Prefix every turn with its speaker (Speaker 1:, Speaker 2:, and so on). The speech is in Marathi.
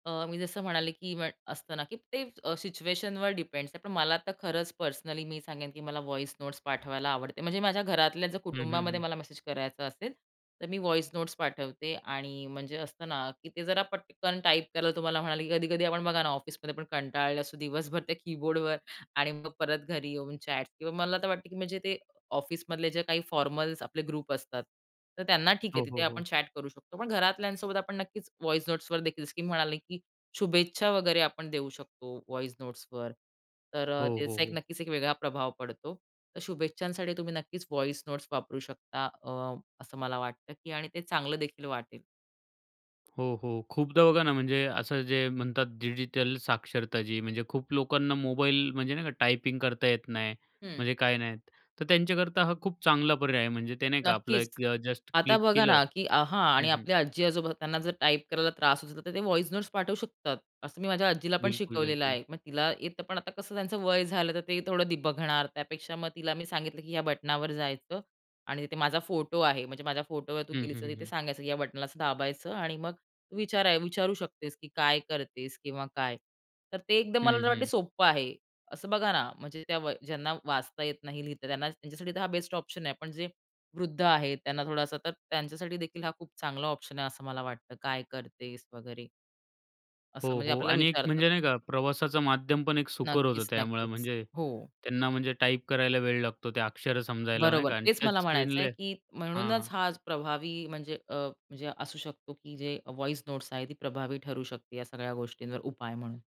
Speaker 1: अ, मी जसं म्हणाले, की पण असतं ना, की ते अ, सिच्युएशनवर डिपेंड्स आहे. पण मला आता खरंच पर्सनली मी सांगेन, की मला व्हॉईस नोट्स पाठवायला आवडते. म्हणजे माझ्या घरातल्या
Speaker 2: हं, हं,
Speaker 1: कुटुंबामध्ये
Speaker 2: हं.
Speaker 1: मला मेसेज करायचा असेल, तर मी व्हॉईस नोट्स पाठवते आणि म्हणजे असतं ना, की ते जरा पटकन टाइप केलं तुम्हाला म्हणाले, की कधी-कधी आपण बघा ना, ऑफिस पण कंटाळले असो, दिवसभर त्या कीबोर्डवर आणि मग परत घरी येऊन चॅट किंवा मला तर वाटतं, की म्हणजे ते ऑफिसमधले जे काही फॉर्मल्स आपले ग्रुप असतात, तर त्यांना ठीक
Speaker 2: हो,
Speaker 1: आहे
Speaker 2: हो,
Speaker 1: तिथे आपण
Speaker 2: हो.
Speaker 1: चॅट करू शकतो. पण घरातल्यांसोबत आपण नक्कीच व्हॉईस नोट्सवर देखील म्हणाले, की शुभेच्छा वगैरे आपण देऊ शकतो, व्हॉईस नोट्सवर. तर अ,
Speaker 2: हो, हो,
Speaker 1: त्याचा एक
Speaker 2: हो.
Speaker 1: नक्कीच एक वेगळा प्रभाव पडतो. तर शुभेच्छांसाठी तुम्ही नक्कीच व्हॉईस नोट्स वापरू शकता अ, असं मला वाटतं, की आणि ते चांगलं देखील वाटेल.
Speaker 2: हो, हो. खूपदा बघा ना, म्हणजे असं जे म्हणतात डिजिटल साक्षरता जी म्हणजे खूप लोकांना मोबाईल म्हणजे नाही का, टायपिंग करता येत नाही,
Speaker 1: हं.
Speaker 2: म्हणजे काय नाही. तर त्यांच्याकरता हा खूप चांगला पर्याय आहे. म्हणजे ते नाही का, आपलं
Speaker 1: नक्कीच.
Speaker 2: एक जस्ट
Speaker 1: आता
Speaker 2: क्लिक
Speaker 1: बघा
Speaker 2: केलं
Speaker 1: ना, की आहा,
Speaker 2: हं,
Speaker 1: आणि
Speaker 2: हं.
Speaker 1: आपल्या आजी-आजोबा त्यांना जर टाइप करायला त्रास होतो तर, ते व्हॉईस नोट्स पाठवू शकतात. असं मी माझ्या आजीलापण
Speaker 2: बिलकुल,
Speaker 1: शिकवलेलं
Speaker 2: बिलकुल.
Speaker 1: आहे. मग तिला येतं, पण आता कसं त्यांचं वय झालं तर, ते थोडं बघणार त्यापेक्षा मग तिला मी सांगितलं, की "या बटनावर जायचं आणि तिथे माझा फोटो आहे म्हणजे माझ्या फोटोवर तू
Speaker 2: हं,
Speaker 1: गेलीस
Speaker 2: हं,
Speaker 1: तर,
Speaker 2: हं,
Speaker 1: तिथे
Speaker 2: हं.
Speaker 1: सांगायचं, की या बटनाला असं दाबायचं आणि मग तू विचार विचारू शकतेस, की काय करतेस? किंवा काय?" तर ते एकदम
Speaker 2: हं,
Speaker 1: मला वाटत
Speaker 2: हं.
Speaker 1: सोप्पं आहे. असं बघा ना, म्हणजे त्या ज्यांना वाचता येत नाही लिहता, त्यांना त्यांच्यासाठी तर हा बेस्ट ऑप्शन आहे. पण जे वृद्ध आहेत त्यांना थोडासा तर, त्यांच्यासाठी देखील हा खूप चांगला ऑप्शन आहे असं मला वाटतं. "काय करतेस वगैरे.?" असं
Speaker 2: हो,
Speaker 1: म्हणजे
Speaker 2: हो.
Speaker 1: आपल्याला
Speaker 2: आणि एक
Speaker 1: विचारतात.
Speaker 2: म्हणजे नाही का प्रवासाचं माध्यमपण एक सुकर होतं,
Speaker 1: नक्कीच,
Speaker 2: त्यामुळे
Speaker 1: नक्कीच.
Speaker 2: म्हणजे
Speaker 1: हो.
Speaker 2: त्यांना म्हणजे टाइप करायला वेळ लागतो त्या अक्षरं समजायला नाही
Speaker 1: बरोबर.
Speaker 2: का
Speaker 1: तेच मला म्हणायचंय,
Speaker 2: टचस्क्रीनला
Speaker 1: की
Speaker 2: हां,
Speaker 1: म्हणूनच
Speaker 2: हां.
Speaker 1: हा प्रभावी म्हणजे अ, म्हणजे असू शकतो, की जे व्हॉईस नोट्स आहेत, ती प्रभावी ठरू शकते या सगळ्या गोष्टींवर उपाय म्हणून.